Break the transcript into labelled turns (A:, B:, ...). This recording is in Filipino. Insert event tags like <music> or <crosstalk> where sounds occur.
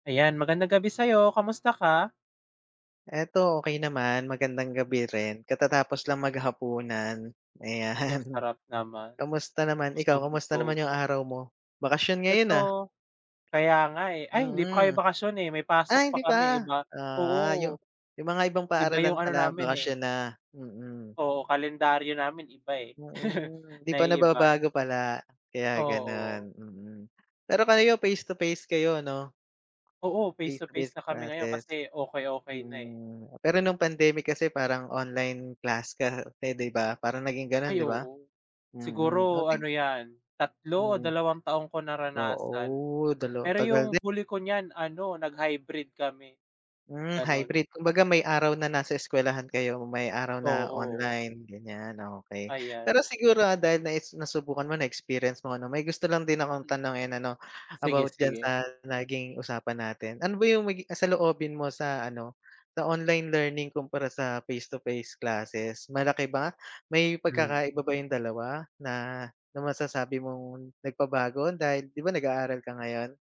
A: Ayan. Magandang gabi sa'yo. Kamusta ka?
B: Eto okey naman. Magandang gabi rin. Katatapos lang maghapunan,
A: Uy, ang
B: ayan.
A: sarap naman.
B: Kamusta naman ikaw kamusta
A: Busog-lusog.
B: naman yung araw mo? Bakasyon ngayon, ah.
A: Eto. Kaya nga, eh. Ay hindi pa kami
B: Mm.
A: bakasyon, eh, may pasok
B: Ay
A: pa
B: hindi
A: kami eh.
B: pa?
A: Iba
B: Ah,
A: oo.
B: yung yung mga ibang
A: Iba
B: paaralan
A: yung ano
B: pala
A: namin, eh
B: bakasyon na, mm.
A: Oo, kalendaryo namin iba, eh. <laughs>
B: Mm. Hindi pa
A: Naiiba, eh.
B: nababago pala kaya ganun,
A: Oo.
B: mm. Pero
A: Ay
B: kayo
A: ganu
B: face to face kayo, 'no?
A: Oo, face
B: Face
A: to
B: to
A: face
B: face
A: na kami ngayon
B: classes.
A: kasi okey, okey na, eh.
B: Mm, pero nung pandemic kasi parang online class kasi di ba, parang naging ganun,
A: Ay
B: di ba?
A: oo.
B: Mm,
A: Siguro
B: okey.
A: ano 'yan, 3 o
B: Mm.
A: 2 taon ko naranasan.
B: Oo, dalawa
A: Pero
B: tagal
A: yung
B: din.
A: huli ko niyan ano, nag-hybrid kami.
B: Hmm,
A: Ganun.
B: hybrid. Kumbaga, may araw na nasa eskwelahan kayo, may araw na
A: Oo.
B: online, ganyan, okey.
A: Ayan,
B: Pero
A: o
B: siguro dahil naes nasubukan mo, na-experience mo 'no, may gusto lang din akong tanungin ano,
A: Sige,
B: about diyan
A: sige.
B: sa naging usapan natin. Ano ba yung magi ah, saloobin mo sa ano, sa online learning kumpara sa face to face classes? Malaki ba may
A: Hmm.
B: pagkakaiba ba yung dalawa na na masasabi mong nagpabago dahil 'di ba nag-aaral ka ngayon?